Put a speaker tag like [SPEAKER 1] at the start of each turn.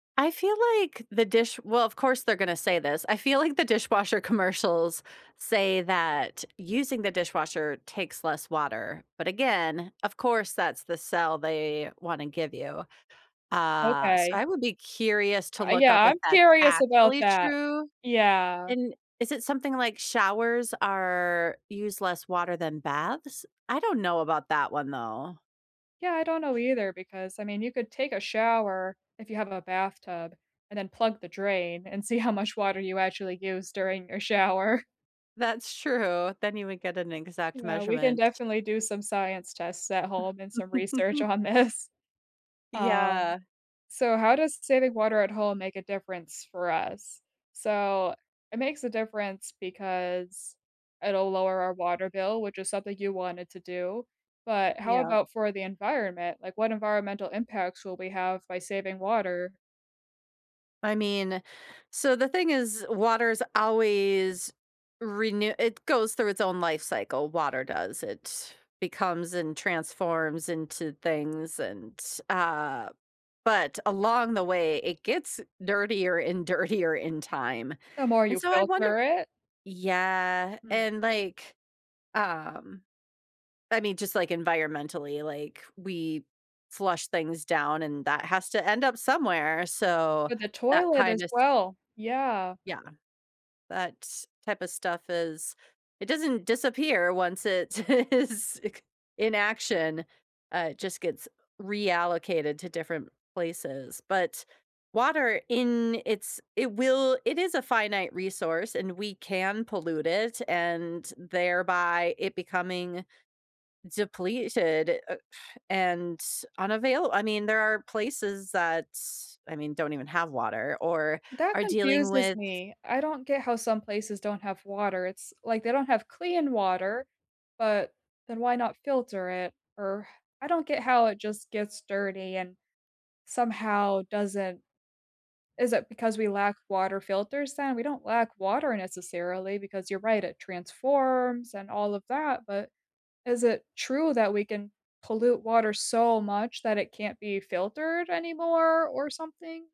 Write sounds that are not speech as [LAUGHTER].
[SPEAKER 1] I feel like the dish Well, of course they're gonna say this, I feel like the dishwasher commercials say that using the dishwasher takes less water, but again, of course, that's the sell they wanna give you, uh, so
[SPEAKER 2] Okay.
[SPEAKER 1] I would be curious to
[SPEAKER 2] Uh,
[SPEAKER 1] look
[SPEAKER 2] yeah,
[SPEAKER 1] up if
[SPEAKER 2] I'm
[SPEAKER 1] that's
[SPEAKER 2] curious about
[SPEAKER 1] actually
[SPEAKER 2] that.
[SPEAKER 1] true,
[SPEAKER 2] Yeah.
[SPEAKER 1] and is it something like showers are use less water than baths? I don't know about that one though.
[SPEAKER 2] Yeah, I don't know either, because I mean, you could take a shower if you have a bathtub, and then plug the drain, and see how much water you actually use during your shower.
[SPEAKER 1] That's true, then you would get an exact
[SPEAKER 2] Yeah, we can
[SPEAKER 1] measurement.
[SPEAKER 2] definitely do some science tests at home and some research
[SPEAKER 1] [CHUCKLES]
[SPEAKER 2] on this. Um,
[SPEAKER 1] Yeah.
[SPEAKER 2] so how does saving water at home make a difference for us? So, it makes a difference because it'll lower our water bill, which is something you wanted to do, but how
[SPEAKER 1] Yeah.
[SPEAKER 2] about for the environment? Like, what environmental impacts will we have by saving water?
[SPEAKER 1] I mean, so the thing is, water's always renew it goes through its own life cycle, water does, it becomes and transforms into things and, uh, but along the way it gets dirtier and dirtier in time,
[SPEAKER 2] The more
[SPEAKER 1] and
[SPEAKER 2] you
[SPEAKER 1] so I wonder
[SPEAKER 2] filter it?
[SPEAKER 1] Yeah,
[SPEAKER 2] Hmm.
[SPEAKER 1] and like, um I mean, just, like, environmentally, like, we flush things down and that has to end up somewhere, so
[SPEAKER 2] With the
[SPEAKER 1] that
[SPEAKER 2] toilet as
[SPEAKER 1] kinda s
[SPEAKER 2] well. Yeah.
[SPEAKER 1] Yeah, that's type of stuff is it doesn't disappear once it is it c in action, uh, it just gets reallocated to different places. But water in it's it will it is a finite resource, and we can pollute it, and thereby it becoming depleted, uh, and s unavail I mean, there are places that s I mean, don't even have water or
[SPEAKER 2] That
[SPEAKER 1] are dealing
[SPEAKER 2] confuses
[SPEAKER 1] with
[SPEAKER 2] me. I don't get how some places don't have water, it's like they don't have clean water, but then why not filter it, or I don't get how it just gets dirty and somehow doesn't Is it because we lack water filters then? We don't lack water necessarily, because you're right, it transforms and all of that, but is it true that we can pollute water so much that it can't be filtered anymore or something?